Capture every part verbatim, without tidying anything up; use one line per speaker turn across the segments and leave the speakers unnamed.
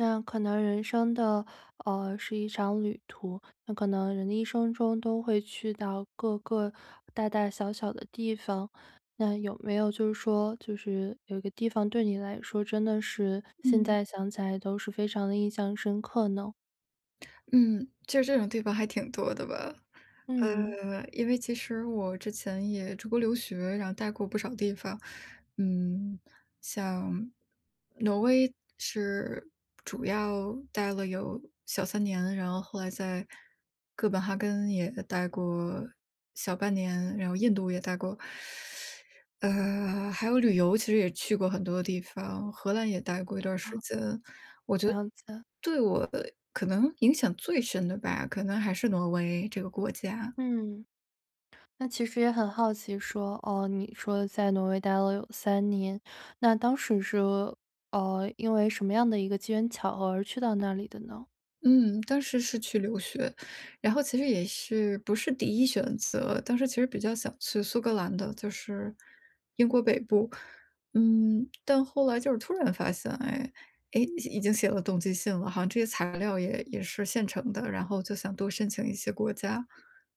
那可能人生的，呃，是一场旅途。那可能人的一生中都会去到各个大大小小的地方，那有没有就是说就是有一个地方对你来说真的是，现
嗯。
在想起来都是非常地印象深刻呢？
嗯，就这种地方还挺多的吧。
嗯。
呃，因为其实我之前也出国留学，然后呆过不少地方。嗯，像挪威是主要待了有小三年，然后后来在哥本哈根也待过小半年，然后印度也待过。呃，还有旅游其实也去过很多的地方，荷兰也待过一段儿时
哦。
间。我觉得
了解。
对我可能影响最深的吧，可能还是挪威这个国家。
嗯。那其实也很好奇说，哦，你说在挪威待了有三年。那当时是，呃，因为什么样的一个机缘巧合而去到那里的呢？
嗯，当时是去留学。然后其实也是不是第一选择，当时其实比较想去苏格兰的，就是英国北部。嗯，但后来就是突然发现，哎，诶，已已经写了动机信了，好像这些材料也也是现成的，然后就想多申请一些国家。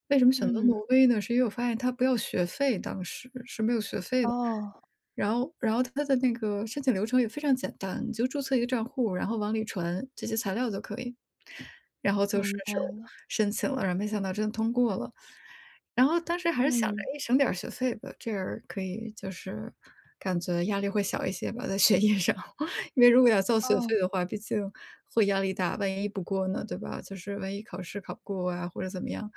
为什么选择
嗯。
挪威呢？是因为我发现它不要学费当时，是没有学费的。
哦。
然后然后它的那个申请流程也非常简单，你就注册一个账户，然后往里传这些材料就可以。然后就
明
顺
白
手
了。
申请了，然后没想到真的通过了。然后当时还是想着，
嗯。
哎，省点儿学费吧，这样可以就是感觉压力会小一些吧，在学业上。因为如果要交学
哦。
费的话，毕竟会压力大，万一不过呢，对吧？就是万一考试考不过啊或者怎么样，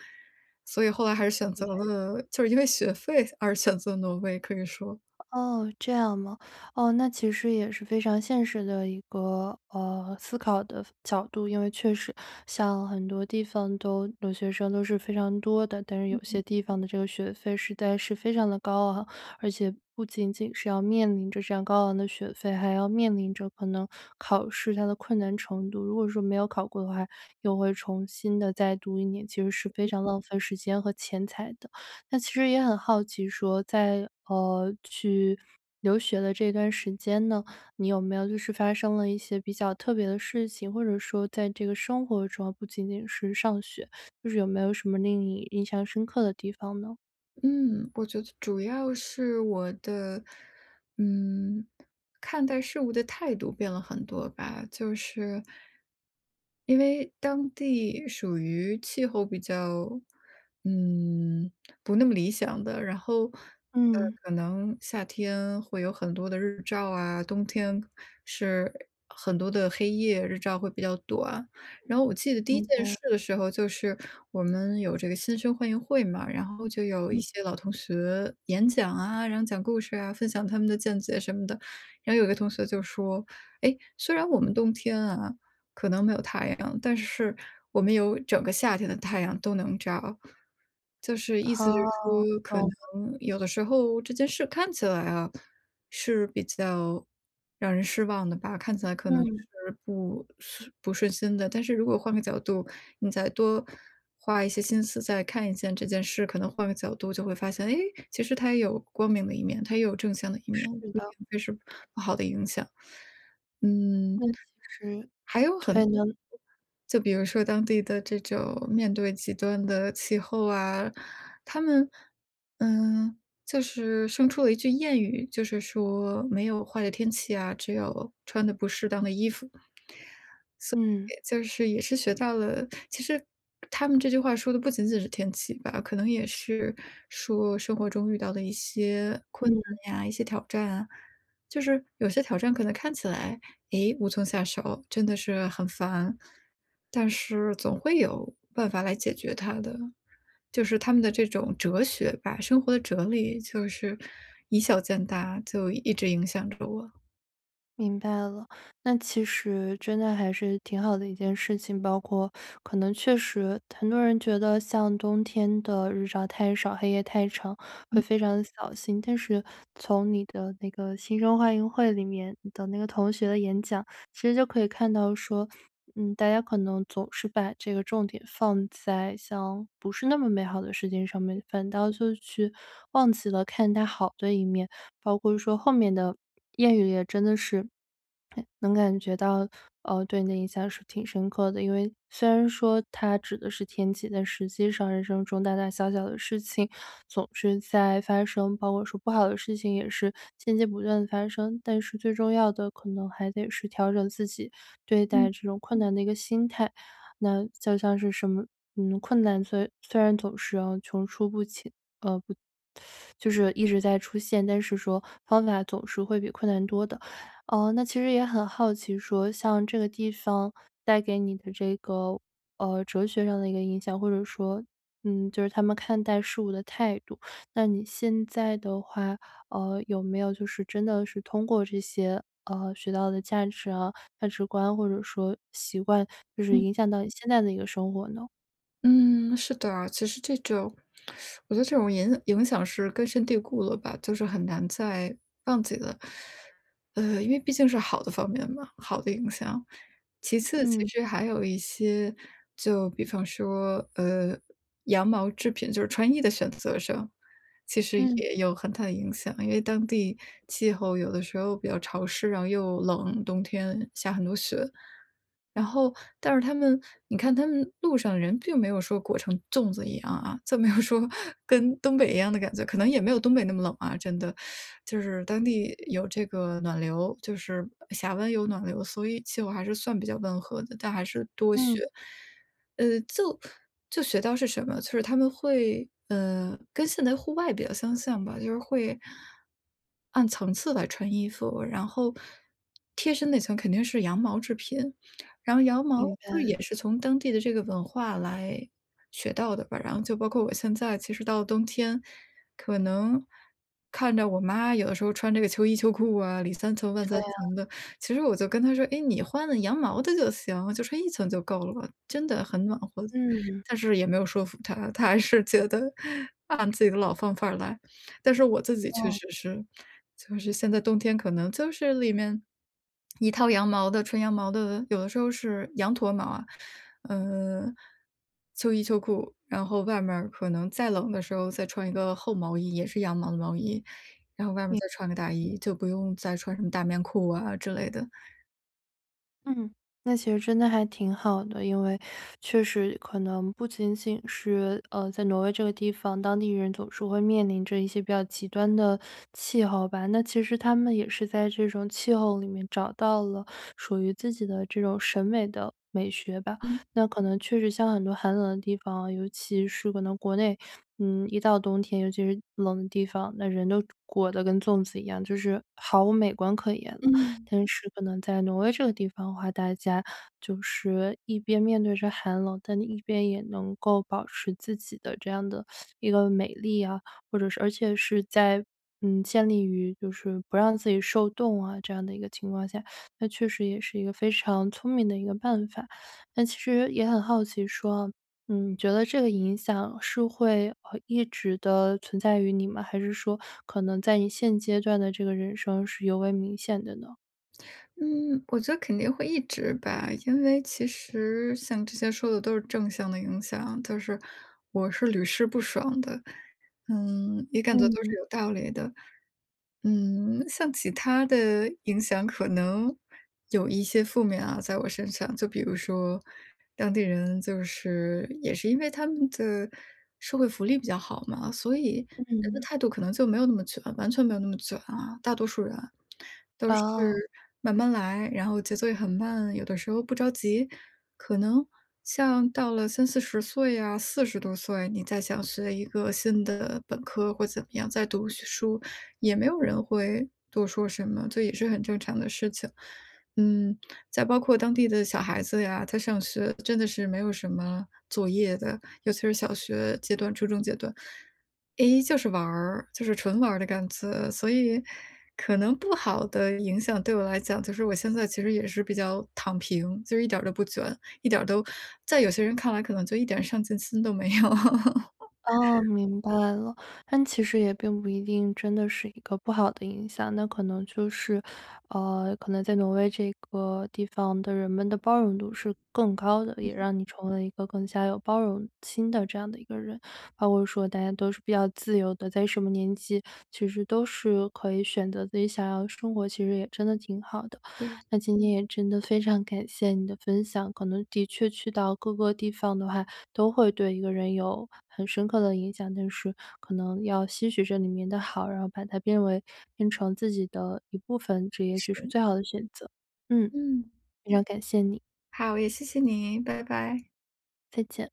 所以后来还是选择了就是因为学费而选择挪威，可以说。
哦，这样吗？哦，那其实也是非常现实的一个，呃，思考的角度，因为确实像很多地方都留学生都是非常多的，但是有些
嗯。
地方的这个学费实在是非常的高昂。而且不仅仅是要面临着这样高昂的学费，还要面临着可能考试它的困难程度。如果说没有考过的话，又会重新地再读一年，其实是非常浪费时间和钱财的。那其实也很好奇说在，啊，去留学的这段时间呢，你有没有就是发生了一些比较特别的事情？或者说在这个生活中哦，不仅仅是上学，就是有没有什么令你印象深刻的地方呢？
嗯，我觉得主要是我的，嗯，看待事物的态度变了很多吧，就是因为当地属于气候比较，嗯，不那么理想的，然后，呃，
嗯。
可能夏天会有很多的日照啊，冬天是很多的黑夜，日照会比较短。然后我记得第一
明
件
白。
事的时候，就是我们有这个新生欢迎会嘛，然后就有一
嗯。
些老同学演讲啊，然后讲故事啊，分享他们的见解什么的。然后有个同学就说，哎，虽然我们冬天啊，可能没有太阳，但是我们有整个夏天的太阳都能照。就是意思就是
哦，
说，可
懂
能
了。
有的时候这件事看起来啊，是比较让人失望的吧，看起来可能
嗯。
是不 不顺心的。但是如果换个角度，你再多花一些心思再看一下这件事，可能换个角度就会发现，诶，其实它也有光明的一面，它也有正向的一面，
是
不一
的。
定就是不好的影响。
因
嗯
为其实
还有
对
很
的。
就比如说当地的这种面对极端的气候啊，他们，嗯，就是生出了一句谚语，就是说没有坏的天气呀，只有穿得不适当的衣服。所
嗯。
以就是也是学到了其实他们这句话说的不仅仅是天气吧，可能也是说生活中遇到的一些困
嗯。
难呀，一些挑战啊。就是有些挑战可能看起来，哎无从下手，真的是很烦，但是总会有办法来解决它的。就是他们的这种哲学吧，生活的哲理，就是以小见大，就一直影响着我。
明白了，那其实真的还是挺好的一件事情，包括可能确实很多人觉得像冬天的日照太少，黑夜太长，会
嗯。
非常得小心。但是从你的那个新生欢迎会里面的那个同学的演讲，其实就可以看到说，嗯，大家可能总是把这个重点放在像不是那么美好的世界上面，反倒就是去忘记了看它好的一面，包括说后面的谚语也真的是能感觉到，呃，对你的印象是挺深刻的。因为虽然说它指的是天气，但实际上人生中大大小小的事情总是在发生，包括说不好的事情也是间接不断地发生，但是最重要的可能还得是调整自己对待
嗯。
这种困难的一个心态。那就像是什么，嗯，困难，虽然虽然总是穷出不起。呃，不就是一直在出现，但是说方法总是会比困难多的。呃，那其实也很好奇说像这个地方带给你的这个，呃，哲学上的一个影响或者说，嗯，就是他们看待事物的态度。那你现在的话，呃，有没有就是真的是通过这些，呃，学到的价值啊，价值观或者说习惯就是
嗯。
影响到你现在的一个生活呢？
嗯，是的，其实这种我觉得这种影影响是根深蒂固了吧，就是很难再忘记了。呃，因为毕竟是好的方面嘛，好的影响。其次，其
嗯。
实还有一些就比方说，呃，羊毛制品就是穿衣的选择上，其实
嗯。
也有很大的影响，因为当地气候有的时候比较潮湿，然后又冷，冬天下很多雪。然后但是他们你看他们路上人并没有说裹成粽子一样啊，这么要说跟东北一样的感觉，可能也没有东北那么冷啊，真的。就是当地有这个暖流，就是峡湾有暖流，所以气候还是算比较温和的，但还是多
嗯。
雪，呃，就就学到是什么？就是他们会，呃，跟现代户外比较相像吧，就是会按层次来穿衣服，然后贴身那层肯定是羊毛制品，然后羊毛
明
就是也
白。
是从当地的这个文化来学到的吧。然后就包括我现在其实到了冬天，可能看着我妈有的时候穿这个秋衣秋裤啊，里三层外
对
三
啊。
层的，其实我就跟她说，诶，你换了羊毛的就行，就穿一层就够了吧，真的很暖和。
嗯。
但是也没有说服她，她还是觉得按自己的老方法儿来，但是我自己确
哦。
实是，就是现在冬天可能就是里面一套羊毛的纯羊毛的，有的时候是羊驼毛啊，呃，秋衣秋裤，然后外面儿可能再冷的时候再穿一个厚毛衣，也是羊毛的毛衣，然后外面儿
明
再穿个大衣，就不用再穿什么大棉裤啊之类的。
嗯，那其实真的还挺好的，因为确实可能不仅仅是，呃，在挪威这个地方，当地人总是会面临着一些比较极端的气候吧。那其实他们也是在这种气候里面找到了属于自己的这种审美的美学吧。
嗯。
那可能确实像很多寒冷的地方哦，尤其是可能国内，嗯，一到冬天，尤其是冷的地方，那人都裹得跟粽子一样，就是毫无美观可言了。
嗯。
但是可能在挪威这个地方的话，大家就是一边面对着寒冷，但你一边也能够保持自己的这样的 一个美丽呀，或者是而且是在，嗯，建立于就是不让自己受冻啊，这样的一个情况下，那确实也是一个非常聪明的一个办法。但其实也很好奇说，嗯，你觉得这个影响是会，呃一直的存在于你吗？还是说可能在你现阶段的这个人生是尤为明显的呢？
嗯，我觉得肯定会一直吧。因为其实像之前说的都是正向的影响，就是我是屡试不爽的，嗯，也感觉都是
嗯。
有道理的。嗯，像其它的影响可能有一些负面啊，在我身上。就比如说当地人就是也是因为他们的社会福利比较好嘛，所以人的
嗯。
态度可能就没有那么卷，完全没有那么卷啊。大多数人都是
哦。
慢慢来，然后节奏也很慢，有的时候不着急，可能像到了三四十岁呀，四十多岁，你再想学一个新的本科或怎么样再读学书，也没有人会多说什么，就也是很正常的事情。嗯，在包括当地的小孩子呀，他上学真的是没有什么作业的，尤其是小学阶段、初中阶段。诶，就是玩儿，就是纯玩儿的感觉，所以可能不好的影响对我来讲，就是我现在其实也是比较躺平，就一点儿都不卷。一点儿都在有些人看来可能就一点上进心都没有。
哦，明白了。但其实也并不一定真的是一个不好的影响，那可能就是，呃，可能在挪威这个地方的人们的包容度是更高的，也
嗯。
让你成为了一个更加有包容心的这样的一个人。包括说大家都是比较自由的，在什么年纪其实都是可以选择自己想要的生活，其实也真的挺好的，
对。
那今天也真的非常感谢你的分享，可能的确去到各个地方的话，都会对一个人有很深刻的影响。但是可能要吸取这里面的好，然后把它变为变成自己的一部分，这也许是
是。
最好的选择。嗯。
嗯。
非常感谢你。
好，也谢谢你，拜拜。
再见。